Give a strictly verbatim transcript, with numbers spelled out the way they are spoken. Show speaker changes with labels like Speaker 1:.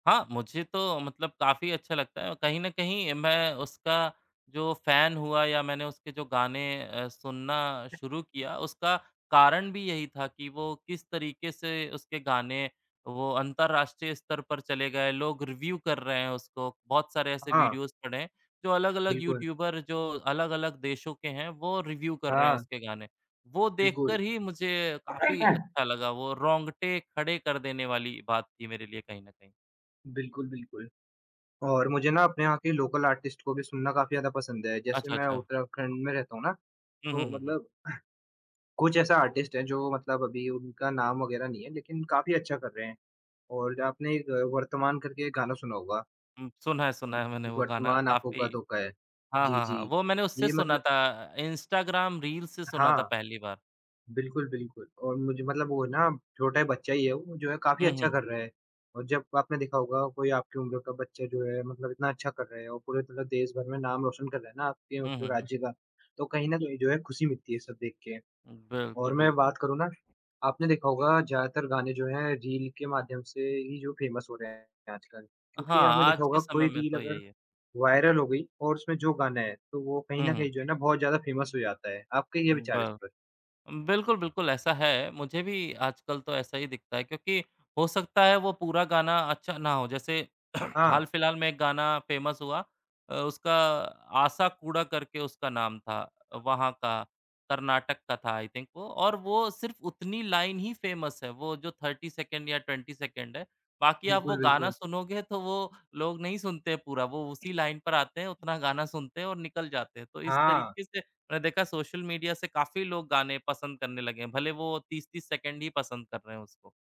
Speaker 1: हाँ, मुझे तो मतलब काफ़ी अच्छा लगता है। कहीं न कहीं मैं उसका जो फ़ैन हुआ या मैंने उसके जो गाने अ, सुनना शुरू किया, उसका कारण भी यही था कि वो किस तरीके से उसके गाने वो अंतरराष्ट्रीय स्तर पर चले गए, लोग रिव्यू कर रहे हैं उसको। बहुत सारे ऐसे
Speaker 2: हाँ।
Speaker 1: वीडियोज़ पड़े हैं, जो अलग-अलग
Speaker 2: बिल्कुल।
Speaker 1: यूट्यूबर जो अलग-अलग देशों के हैं, वो रिव्यू कर रहे हैं
Speaker 2: हाँ।
Speaker 1: उसके गाने। वो
Speaker 2: बिल्कुल।
Speaker 1: देखकर ही मुझे काफ़ी अच्छा लगा। वो रोंगटे खड़े कर देने वाली बात थी मेरे लिए कहीं न कहीं।
Speaker 2: बिल्कुल, बिल्कुल। और मुझे ना अपने यहाँ के लोकल आर्टिस्ट को भी सुनना काफ़ी ज़्यादा पसंद है। जैसे
Speaker 1: अच्छा,
Speaker 2: मैं
Speaker 1: अच्छा।
Speaker 2: उत्तराखंड में रहता हूँ ना,
Speaker 1: हुँ, हुँ,
Speaker 2: तो
Speaker 1: हुँ, हुँ।
Speaker 2: मतलब कुछ ऐसा आर्टिस्ट है जो मतलब अभी उनका नाम वगैरह नहीं है लेकिन काफ़ी अच्छा कर रहे हैं, और आपने एक वर्तमान करके गाना सुना होगा।
Speaker 1: हुँ सुना है,
Speaker 2: अ,
Speaker 1: सुना है मैंने वो गाना
Speaker 2: वर्तमान आँखों
Speaker 1: काफ़ी
Speaker 2: का धोखा है,
Speaker 1: हाँ,
Speaker 2: जी,
Speaker 1: हाँ, हाँ,
Speaker 2: जी।
Speaker 1: वो मैंने उससे
Speaker 2: ये
Speaker 1: सुना
Speaker 2: मतल
Speaker 1: था इंस्टाग्राम रील से सुना था
Speaker 2: हाँ।
Speaker 1: पहली बार।
Speaker 2: बिल्कुल, बिल्कुल और मुझे मतलब वो ना छोटा बच्चा ही है वो, जो है काफ़ी
Speaker 1: हुँ,
Speaker 2: अच्छा
Speaker 1: हुँ।
Speaker 2: कर रहा है। अ, जब आपने देखा होगा कोई आपकी उम्र का बच्चा जो है मतलब इतना अच्छा कर रहा है और पूरे तरह देश भर में नाम रोशन कर रहा है ना आपके वो
Speaker 1: हुँ, हुँ, हुँ।
Speaker 2: राज्य का, तो कहीं न कहीं जो है खुशी मिलती है ये सब देख के।
Speaker 1: हुँ, बिल्कुल,
Speaker 2: और मैं
Speaker 1: बिल्कुल।
Speaker 2: बात करूँ ना, आपने देखा होगा ज़्यादातर गाने जो हैं रील के माध्यम से ही जो फ़ेमस हो रहे हैं आजकल क्योंकि
Speaker 1: हाँ,
Speaker 2: आपने देखा
Speaker 1: आज के
Speaker 2: होगा
Speaker 1: समय
Speaker 2: कोई
Speaker 1: में
Speaker 2: रील
Speaker 1: तो
Speaker 2: अगर
Speaker 1: यही है।
Speaker 2: वायरल हो गई और उसमें जो गाना है, तो वो कहीं
Speaker 1: हुँ,
Speaker 2: न
Speaker 1: हुँ।
Speaker 2: कहीं जो है ना बहुत ज़्यादा फ़ेमस हो जाता है। आपके क्या
Speaker 1: हुँ,
Speaker 2: विचार हैं इस
Speaker 1: ब
Speaker 2: पर?
Speaker 1: उम, बिल्कुल, बिल्कुल ऐसा है। मुझे भी आजकल तो ऐसा ही दिखता है क्योंकि हो सकता है, वो पूरा गाना अच्छा ना हो। जैसे
Speaker 2: हाँ।
Speaker 1: हाल-फिलहाल में एक गाना फ़ेमस हुआ अ, उसका "आसा कूड़ा" करके उसका नाम था। अ, वहाँ का कर्नाटक का था आई थिंक वो और वो सिर्फ उतनी लाइन ही फ़ेमस है। वो जो थर्टी सेकंड या ट्वेंटी सेकंड है। बाकी आप वो
Speaker 2: बिल्कुल,
Speaker 1: गाना
Speaker 2: बिल्कुल।
Speaker 1: सुनोगे तो वो लोग नहीं सुनते पूरा। वो उसी लाइन पर आते हैं, उतना गाना सुनते हैं और निकल जाते हैं, तो इस
Speaker 2: हाँ।
Speaker 1: तरीके से मैं देखा सोशल मीडिया से काफ़ी लोग गाने पसंद करने लगे हैं, भले वो तीस तीस सेकंड ही पसंद कर रहे हैं उसको।